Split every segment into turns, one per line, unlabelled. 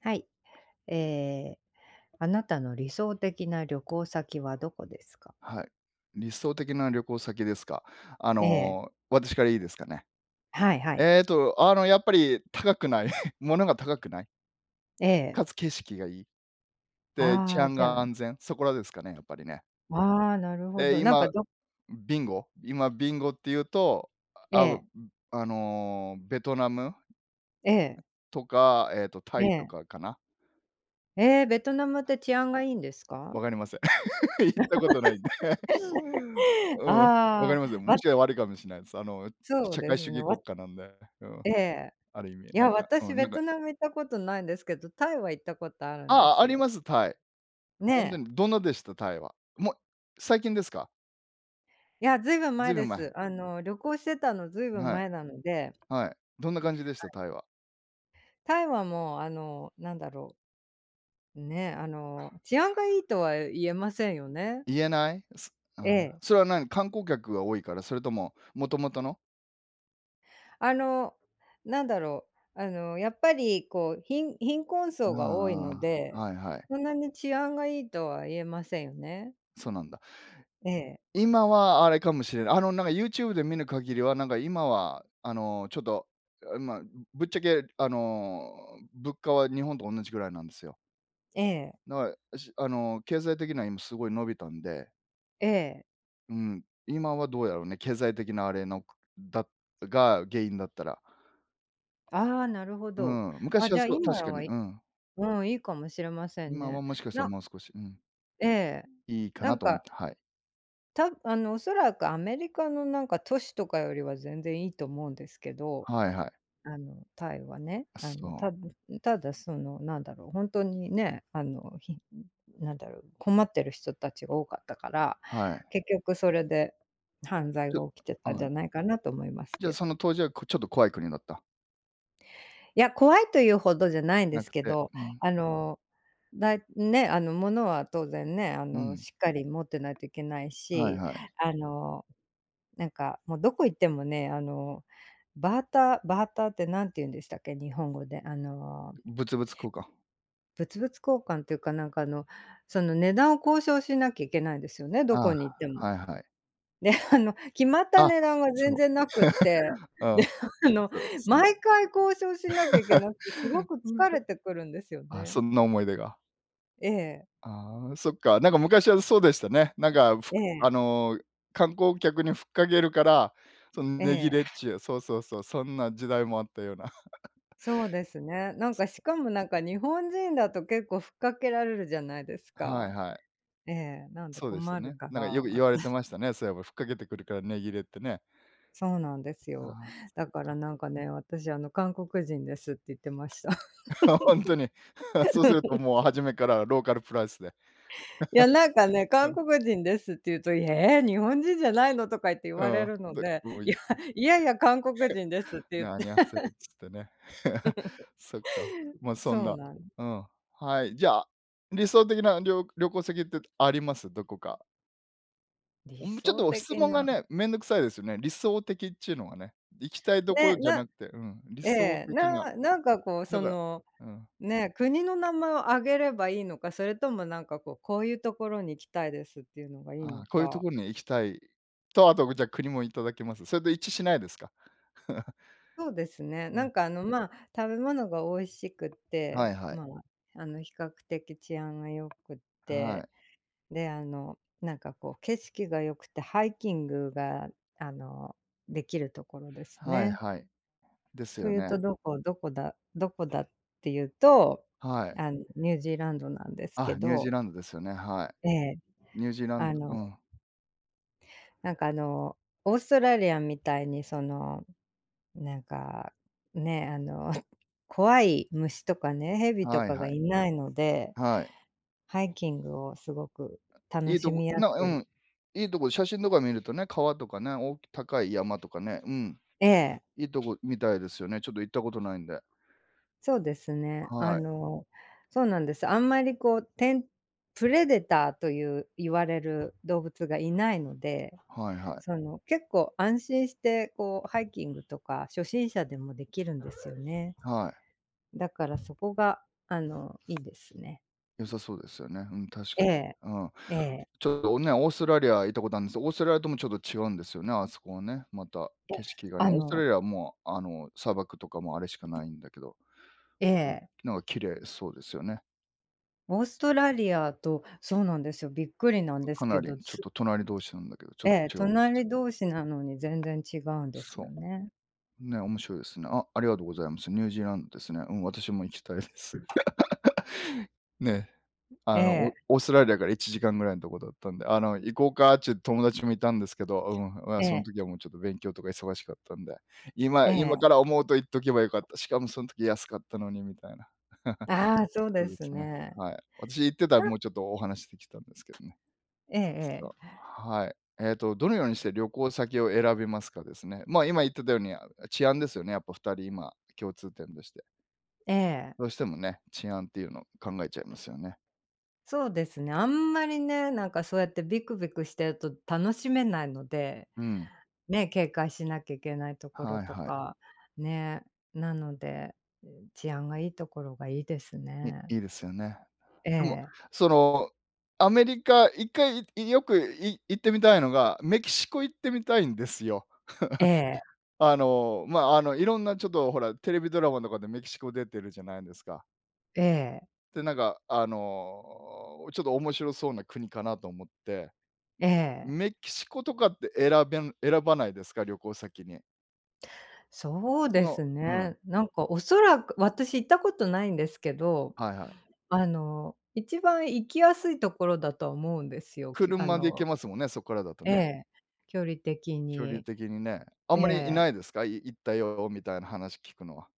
はい、ええ、あなたの理想的な旅行先はどこですか？
はい。理想的な旅行先ですか？あ
ええ。
の、私からいいですかね。
はいはい。
えっと、あの、やっぱり高くない。物が高くない。
ええ。
かつ景色がいい。で、治
ああ、
安
じゃ
が
あ
安全、そこらですかね、やっぱりね。
ああ、なるほ
ええ、
ど、なん
今
か、ど
ビンゴ今ビンゴっていうと、
え
あ、わん、
え。
あの、ベトナム
ええ。
とか、えっとタ
え
イと
え。
かかな。
ええ、ベトナムって治安がいいんですか？
分かりません。行ったことないんで。うん、わか
あ
り
あ。
ますよ。
ま
もしや悪いかもしんないす。あの、ん、
そう
社
で
会主
すね。
義
わ
国家なんで、うん、
ええ、
ある意
い
味な
や
んか、う
私
ん、
ベ
なんか
トナム行ったことないんですけど、タイは行ったことある
あ
んで
あ、あ
す
り
よ。
ます、タイ。
ね
ほんで、
え。
どんなでした、タイは。もう、最近ですか。
いや、ずいぶん
ずい
前
ぶ
で
ん前。
す、あの、旅行してたのずいぶん
はい。
前なので。
はい、どんな感じでし
は
た、
い。
タイは。
タイはもう、あの、なんだろうね、あの、治安がいいとは言えませんよね。
言えない？そああ、
ええ。
それは何、観光客が多いから、それとも、もともとの？
あの、なんだろう、あの、やっぱりこう、貧貧困
あ
層が多いの
あああ。
で、
はいはい。
そんなに治安がいいとは言えませんよね。
そうなんだ。
ええ。
今は、あれかもしれない、あの、なんか YouTube で見る限りはなんか今は、あの、ちょっと、まあ、ぶっちゃけ、あの、物価は日本とおんなじぐらいなんですよ。
ええ。
な、しあの、経済的には今すごい伸びたんで。
ええ。
うん、今はどうやろね。経済的なあれのくだが、原因だったら。
ああ、なるほ
う
ど。
ん、
あ、
昔は
じゃあ
そう、
今
確かに、
はい
うん。
うん、いいかもしれません
今は
ね。
もしかしたら
な
もう少し、うん。
ええ、
いいか
な
な
ん
と思っ
か
て、はい。
たあの、おそらくアメリカのなんか、都市とかよりは全然いいと思うんですけど、
はいはい。
あの、タイはね、
あ、
あ
そ
の、
う。
たぶただその、なんだろう、本当にね、あの、ひなんだろう、困ってる人たちが多かったから、
はい。
結局それで犯罪
ちょ
が起きてたん
あ
じ
あ。
ゃないかなと思います
じゃあ、
けど。
その当時はくちょっと怖い国だった？
いや、怖いというほどじゃないんで
な
す
く
け
て、
ど、
うん。
あの、だいね、あの物は当然ね、あ
う
の
ん。
しっかり持ってないといけない
はい
し、
はい。
あの、なんかもうどこ行ってもねあの、バーターバーターって何て言うんでしたっけ、日本語であの
物々交換。
物々交換っていうかなんかあの、その値段を交渉しなきゃいけないんですよね、ど
あ
こに行っても。
あ、はいはい。
であの決まった
あ
値段が全
そう。
然なくって、
う
で
ん、
あの
[unintelligible] その
毎回交渉しなきゃいけなくてすご く
うは。
疲れてくるんですよ
あ、
ね。
そんな思い出が。
ええ。
ああ、そっか、なんか昔はそうでしたね。なんかふ
ええ。
あの観光客に吹っかけるから、そん値切
え
れっ
え。
ちゅう、そうそうそう、そんな時代もあったような。
そうですね、なんかしかもなんか日本人だと結構ふっかけられるじゃないです
はい
か。
はい。
ええ、なんで
そうでした
困る
ね。
か
な
ら、
んかよく
わ
言われて ましたね、そういえば吹っかけてくるから値切れってね。
そうなんですよ。
ああ、そ
だ
う
から
か。
なんかね、私あの韓国人ですって言ってました。
ほんとに。そうするともう初 めからローカルプライスで。
いや、なんかね、
う
韓
ん。
国人ですって言うと、「え、日本人じゃないの」とか言って言わ
あ
れ
あ、
るの
で
で、
うお
い
い
や、いやいや、韓国人ですって 言っ
な
て。
アニョハセヨ つってね。そっか、まそん
そう
な
なん
うん。はい、じゃあ、理想的なりょ旅行先ってあります？どこか？
理
お、ん、むちょっ
想
と
的
質問が
な。
ね、面倒くさいですね。理想的っちゅうのがね。行きたいところ
ね、
じゃ
な
なくて、うん、理
え
想
え、
的
な
な。
なんかこう
だ
そ
から
の、
うん。
ね、国の名前を挙げればいいのか、それともなんかこう、こういうところに行きたいですっていうのがいい
あ
の
あ、こういうと
か。
こに行きたいと、あと、うん、じゃ、国もいただけます。そいで、一致しないですか。
そうですね、
う
な
ん。
んか、あの、まあ、食べ物が美味しくっ
はい
て、
はい。
まあ、あの、比較的治安が良く
は
て、
い。
で、あの、なんかこう景色が良くて、ハイキングが、あの、できるところです
はい
ね。
はい。です
と
よ
いう
ね。
と、どこどこだどこだっていうと、
はい。
あの、ニュージーランドなんですけ
あ、ニュージー
ど。
ランドですよね、は
ええ。
い。ニュージーラン
あ
ドう
の
ん。
なんかあの、オーストラリアみたいにその、なんか、ね、あの、怖い虫とかね、蛇と
はい
か
は
が
い。
いないので、
はい。
ハイキングをすごく楽
いい
し
とこ
みや
な、
す
う
い。
ん、いいとこ写真とか見るとね、川とかね、お高い山とかね、うん、
ええ。
いいとこみたいですよね。ちょっと行ったことないんで。
そうですね、あ
はい。
の、そうなんです、あんまり、こう、てんプレデターという言われる動物がいないので、
はいはい。
その、結構安心して、こう、ハイキングとか初心者でもできるんですよね。
はい。
だからそこが、あの、いいですね。
良さそうですよね、うん、確か
ええ、
に。うん。
ええ。
ちょっとね、オーストラリア行ったことあんです、オーストラリアとも、ちょっと違うんですよね、あそこはね、また景
[unintelligible]
色がね、
あ
オーストラ
の
リアはもう、あの、砂漠とかもあれしかないんだけど、
え
う、
え。
なんか綺麗そうですよね。
オーストラリアと、そうなんですよ、びっくりなんです
か
け
なり、
ど、
ちょっ
す
と隣同士なんだけど、ちょ
え
っ
え、
違うんです。
隣同士なのに全然違うんです
そ、
よね。
ね、面白いですね。あありがとうございます。ニュージーランドですね。うん、私も行きたいです。ね、
え
あの、お
え。
オーストラリアから1時間ぐらいのとこだったんで、あの、行こうかっちゅ友達もいたんですけど、うん、まあ
え
そん
え。
時はもうちょっと勉強とか忙しかったんで。
え
今今
え。
から思うと行っとけばよかった。しかも、そん時安かったのにみたいな。
ああ、そう
そ
で
うで
す
すね、
ね。
はい。私行ってたら、もうちょっとお話しできたんですけどね。
ええ
そ
え
う、
え。
はい。えっと、どのようにして旅行先を選びますか、ですね。ま、今言ってたように治安ですよね、やっぱ2人まあ、共通点として。
ええ。
どうしてもね、治安っていうのを考えちゃいますよね。
そうですね、あんまりね、なんかそうやってびくびくしてると楽しめないので。
うん。
ね、警戒しなきゃいけないところ
はい
と
はい。
か、ね。なので、うーん、治安がいいところがいいです
ね、
ね。
いいですよね。でも、
ええ
そのアメリカ1回いいよくい行ってみたいのが、メキシコ行ってみたいんですよ。
ええ。
あの、ま、あのいろんなちょっとほら、テレビドラマとかでメキシコ出てるじゃないですか。
ええ。
でなんかあの、ちょっと面白そうな国かなと思って。
ええ。
メキシコとかって選べ選ばないですか、旅行先に。
そう
そ
で
の
す
うん。
ね、なんかおそらく私行ったことないんですけど、
はいはい。
あの一番行きやすいところだと思うんですよ、きゅあ
車で行け
の
ますもんね、そっからだと
え
ね。
え、距離的
距離
に。
的にね。あ
え
んまりいな
え。
いですか？い行ったよみたいな話聞くのは。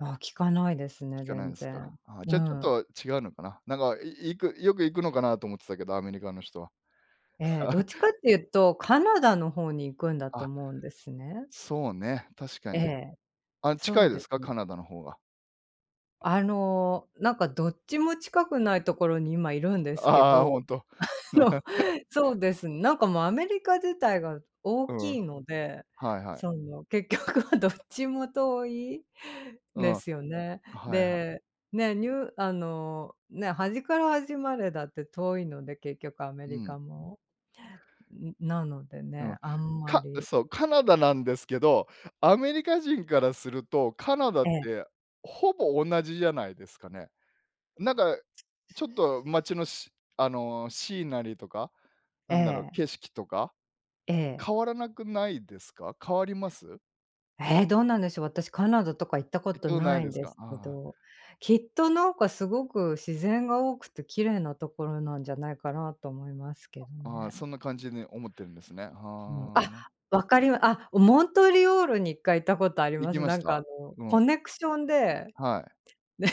あ、聞かないですね
聞かない
全
んすか。
然。
あ、
う
じゃちょっ
ん。
と違うのかな。なんかいい行く、よく行くのかなと思ってたけど、アメリカの人は。
ええ、どっ ちかっていうとカナダの方に行くんだと
あ。
思うんですね。
そうね、確か
え
に。
え、
あ、
そ
近
う
いで
で
す
す。
か？カナダの方が。
あの、なんかどっちも近くないところに今いるんで
あ
すけ
あああ、ほ
ど、
んと。
あ のそ うです、なんかもうアメリカ自体が大
うん。
きいので、
はいはい。
その結局はどっちも遠い
うん。
ですよね。
はいは
で、ね、ニュあの、ね、端から端までだって遠いので結局アメ
う
リ
ん。
カも。ん、なので
う
ね、
ん。
あんま
か
り。
そう、カナダなんですけど、アメリカ人からすると、カナダっ
ええ。
て、ほぼ同じじゃないですかね。なんかちょっと町の、しあの、シーナリーとか、
え
なんだろう、
え。
景色とか、
ええ。
変わらなくないですか？変わります？
ええ、どうなんでしょう、私カナダとか行ったこ
行っ
と
たおな
な
い
い
で
ん
す
で
か。
すけ
ああ。
ど。きっとなんかすごく自然が多くて綺麗なところなんじゃないかなと思いますけ
あ
ど
ああ、
ね。
そんな感じに思ってんですね。
あの
はあ。
あ！
ま
わかりまあ、んモントリオールに1回行ったことあり
行
ま
き
す。
ま
な
し
んか、あ
た？
の、
う
コ
ん。
ネクションで、
はい。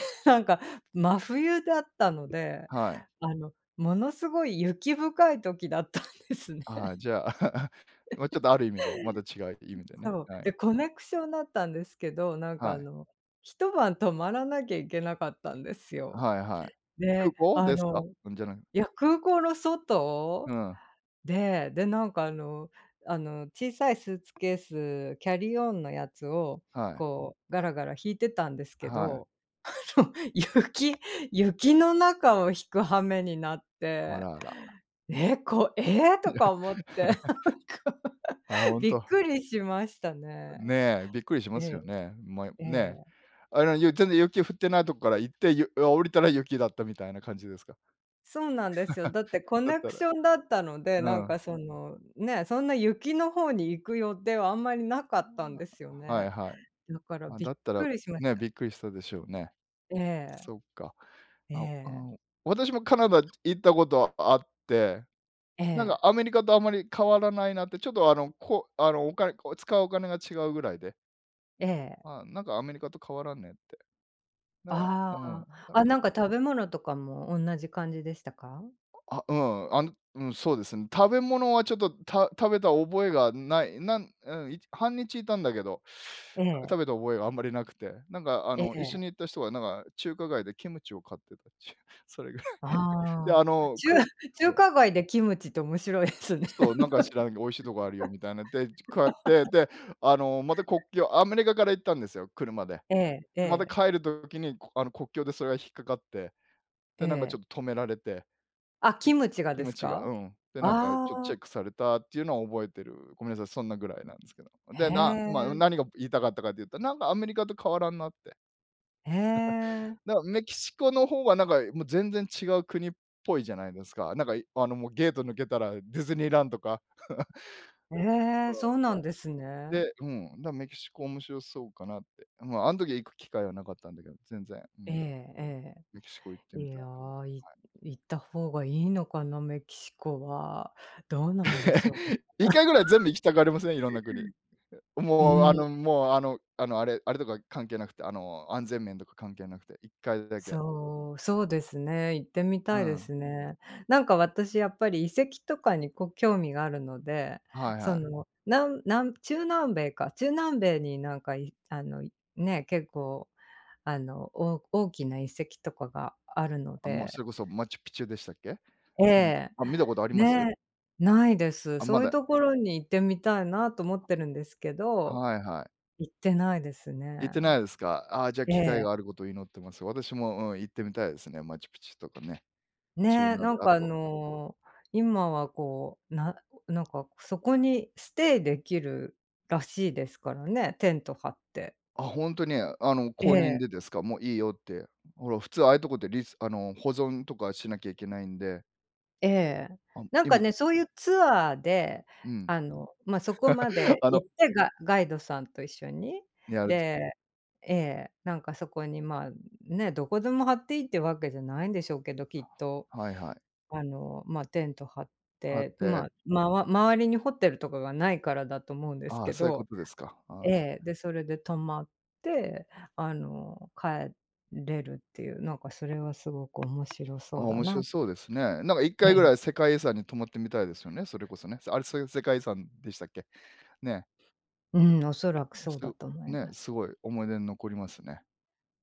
で、なんか、真冬だったので、
はい。
あの、ものすごい雪深い時だったんですね。
ああ、じゃあ ま、ちょっ とある意味でまた違う意
ん、
味でね、
そう。
はい。
でコ
あ
ネクションだったんですけど、なんか
は
あ
い。
の、1晩泊まらなきゃいけなかったんです
あ、
よ。
はいはい。空
で、
港
あ
ですか？
の
うん、じゃない
いや空港の外
うん。
で、でなんかあのあの小さいスーツケースキャリーオンのやつを
はい。
こうガラガラ引いてたんですけ
はい。
ど、あの、雪雪の中を引く羽目になっ
あ
て、
らあら。
「ええ！こええ！」
そ、
と
や。
か思って なんか
あ、ほん
びっ
と。
くりしましたね。
ね、びっくりし
え
ます
え、
よね。まよ
え
ね。
え。
あの、ゆ全然雪降ってないとこから行って、ゆあ、降りたら雪だったみたいな感じですか？
そうなんですよ。だって コ
だっ
ネク
た
シ
ら。
ョンだったので、
う
なん
ん。
かその、ね、そんな雪の方に行く予定はあんまりな
あ
かったん
ら
ですよ
あら。はい
ね。
はい。
だから
あ、
び
だ
っ
ったら
くりしまし
ね、
た。
びっくりしたでしょうね。
ええ。
そっか。
え
あおああ、
え。
お、私もカナダ行ったことあって、
え
なんか
え。
アメリカとあまり変わらないなって、ちょっとあの、こあの、お金こう、使うお金が違うぐらいで。
ええ。
あ、なんかアメリカと変わらんねって。だから
あ
うん、
あ、
だか
あ、
ら
なんか食べ物とかもおんなじ感じでしたか？
あ、うん、あの、うん、そうですね。食べ物はちょっと食食べた覚えがない、なんうん、いち半日いたんだけど、
ええ。
食べた覚えがあんまりなくて、なんか、あ
え
の、一緒
え。
に行った人はなんか、中華街でキムチを買ってたっちゅう、それぐらい、で、
あ
あ
あ、
の、
ちゅう
くそ
中
う。
華街でキムチって面白いですね。
そう、なんか知らないけど美味しいとこあるよみたいな、で、こうやって、で、あの、また国境アメリカから行ったんですよ、車で。
えええ
また
え。
帰る時に、あの、国境でそれが引っかかって、
え
で、なんかちょ
え。
っと止められて。
あ、
う
キ
ん、
ムチが
キ
で
ム
す
チが、
か？
うん、でなんか
あ
ちょっチェ
あ。
ックされたっていうのを覚えてる。ごめんなさい、そんなぐらいなんですけど。
へ
で、なま、
え。
何が言いたかったかというと、なんかアメリカと変わらんなって。
へ え。
だから、メキシコの方はなんか、もう全然違う国っぽいじゃないですか。なんかいあの、もうゲート抜けたらディズニーランドか。
へえ、そ うなんですね。
で、うん、だからメキシコ面白そうかなって。まあ、あん時は行く機会はなかったんだけど、全然。う
ええ
ん。
え
メキシコ行って
え、
み
い
た
や、
い
行
な。はい。
行った方がいいのかな、メキシコは。どうなんでしょう。
1回ぐらい全 部行きたがりません？いろんな国。
う
もうあ
ん。
のもうあの、あの、あれあれとか関係なくて、あの、安全面とか関係なくて、1回だけ。
そう、そうですね、行ってみ
う
たいで
ん。
すね。なんか私やっぱり遺跡とかにこう、興味があるので、
はい
そ
はい。
の、なんなん中南米か、中南米になんか、いあの、いね、結構、あの、お大きな遺跡とかがあるの
あ、ま、そ
で。
れこそマチュピチュでしたっけ？
え
その
え、
あ、見たことあります？
ね、ないです。
あ、ま
そういう
だ。
ところに行ってみたいなと思ってるんですけど、
はいはい。
行ってないですね。
行ってないですか？ああ、じゃ
え
機会
え。
があることを祈ってます。私も、うん、行ってみたいですね。マチュピチュとかね。
ねえ、な ん
あ
かあ
と。
の、今はこう、ななんかそこにステイできるらしいですからね、テント張って。
あ、ほんとに。あの、
え
公認
え。
でですか。もういいよって、ほら普通ああいうとこでリスあの、保存とかしなきゃいけないんで。
ええ、
あん、
なんか
今
ねそういうツアーで、
うん。
あの、ま、そこま で
あの。
行ってガガイドさんと一緒に、でええ、なんかそこに、ま、ね、どこでも張っていいってわけじゃないんでしょうけど、きっと。
はいはい。
あの、ま、テント張っ
はっ
て、ま
て。
あ、まわ周りにホテルとかがないからだと思うんです
ああ、
け
そういうこ
ど。
とですか。ああ。
ええ、で、それで泊まって、あの、帰れるっていう、なんかそれはすごく面白
あ
そ
あ、
うだ
面白
な。
そうですね。なんかいっ
え
かいぐ
え。
らい世界遺産に泊まってみたいですよね、それこそね。あれ、そういう世界遺産でしたっけ、ね。
うん、恐らく
む
そ
し
うだ
ろ、
と思い
ね、
ます。
すごい思い出に残りますね。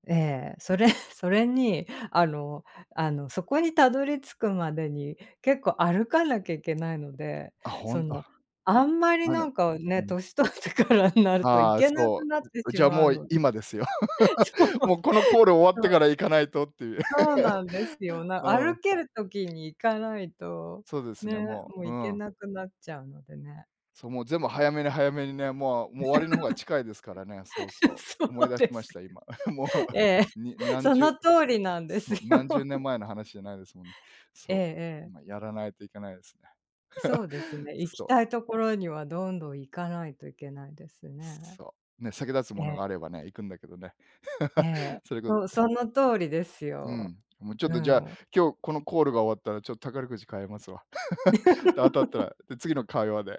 ええ。それ、それに、あのあの、そこにたどり着くまでに、結構歩かなきゃいけないので、
あ、ほ
そ
んと。
の、あんまり
あ
な
の
んか
う
ね、
ん。
歳取ってからになると行
ああ、
けなく
そ
なって
う。
し
じゃあ
ま
も
う
う
ので。
今ですよ。
そう。そ
もうこのコール終わってか
う。
ら行かないとっていう。
そうなんですよ、な
う
歩
ん。
ける時に行かないと、
そうですね、
ね、
も
もう
う、う
行け
ん。
なくなっちゃうのでね。
そう、もう全部早めに早めにね、もうもう終わりの方が近いですからね。そう そ
そ
う、
う
思い出し
で
ま
す。
した今。も
ええ、
う2、何
その
十
通りなんで
そ
す
の、
よ。
何十年前の話じゃないですもんね。
ええ
そう、
ええ。
ま、やらないといけないですね。
そうです ね、行
す
き
と。
たいところにはどんどん行かないといけないですね。
そう、ね、先立つ
え
ものが
え。
あればね、行くんだけどね。
え え、
それこそ
そう、その通りです
う
よ。
ん、もうちょっ
う
とじゃあ
ん。
今日このコールが終わったらちょっ宝くじ買えますわ。で、当たったら、で、次の会話で。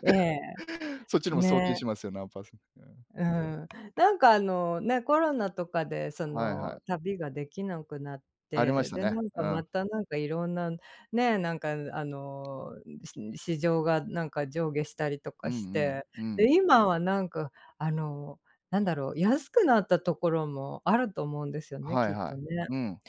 ええ。
そっちのも送金
ね。
しますよ、何パーセント。うん。
うん、なんかあの、ね、コロナとかでそ
はい、は
の、
い。
旅ができなくなっ
ありま
て、
した
で、
ね。
なん
う
か
ん。
またなんか色んな、ねえ、なんかうあの、ん市市場がなんか上下したりと
う
か
んう
し
ん。
て、
うん。
で、今はなんかあの、なんだろう、安くなったところもあると思うんですよね、
はい
きっ
は
とね。
い。うん。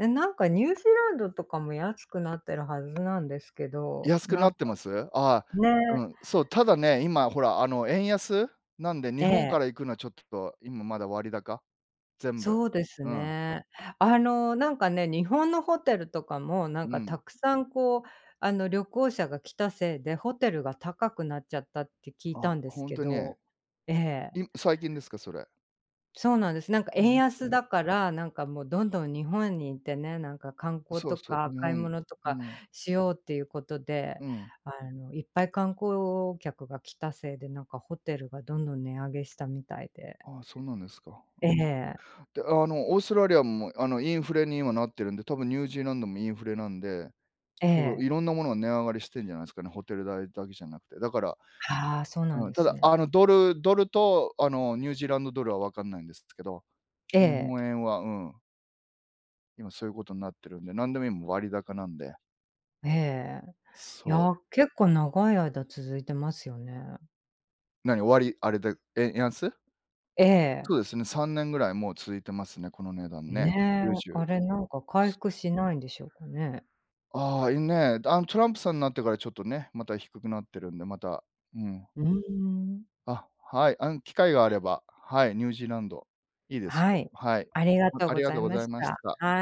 え、なんかニュージーランドとかも安くなってるはずなんですけど、
安く
な
な
ん
っ
か
てます？あ、う
ね。
ん、そう、ただね、今ほらあの、円安なんで日
え
本か
え。
ら行くのはちょっと今まだ割高、全部、
そうです
うん。
ね。あの、なんかね、日本のホテルとかも、な
う
んか、た
ん。
くさんこう、あの、旅行者が来たせいで、ホテルが高くなっちゃったって聞い
あ、
たんです
本
け
当に。
ど。ええ。
い最近ですか、それ？
そうなんです。なんか
ああ、
円
うんう
安
ん。
だから、なんかもうどんどん日本にいてね、なんか観光
そう
と
そう、
か
日
買い
本
物と
あ
か
の
しようっていうことで、
うん。
あの、いっぱい観光客が来たせいで、なんかホテルがどんどん値上げしたみたいで。
ああ、そうなんですか。う
え、へ
ん。
え。
で、あの、オーストラリアも、あの、インフレに今なってるんで、たぶんニュージーランドもインフレなんで。
え
たぶ
え。
いろんなものが値上がりしてんじゃないですかね、ホテル代だけじゃなくて。だから
はあ、そうなん
うん、
で
た
す
だ、
ね。
あの、ドルドルと、あの、ニュージーランドドルはわかんないんですすけど、
え
日
え。
本円は、うん。今そういうことになってるんで、なんでも、いもう、割高なんで。
ええ。い
そう。
や、結構長い間続いてますよね。
なに、終わりあれで、円安？
ええ。
そうですね、3年ぐらいもう続いてますね、この値段
ん、
ね。
ね、
どうしよう。
あれなんか回
す
復しないんでしょうかね？
ああ、いん、ね、だあん、トランプさんなってからちょっとね、また低くなってるんで、また、うん。
うーん。
あ、はい、あん、機会があれば、はい、ニュージーランド。いいです
は
よ。
い。
はい。
ありが
ま
とう
あ
ご
りが
ざ
とう
い
ご
ま
ざい
し
まし
た。
た。
はい。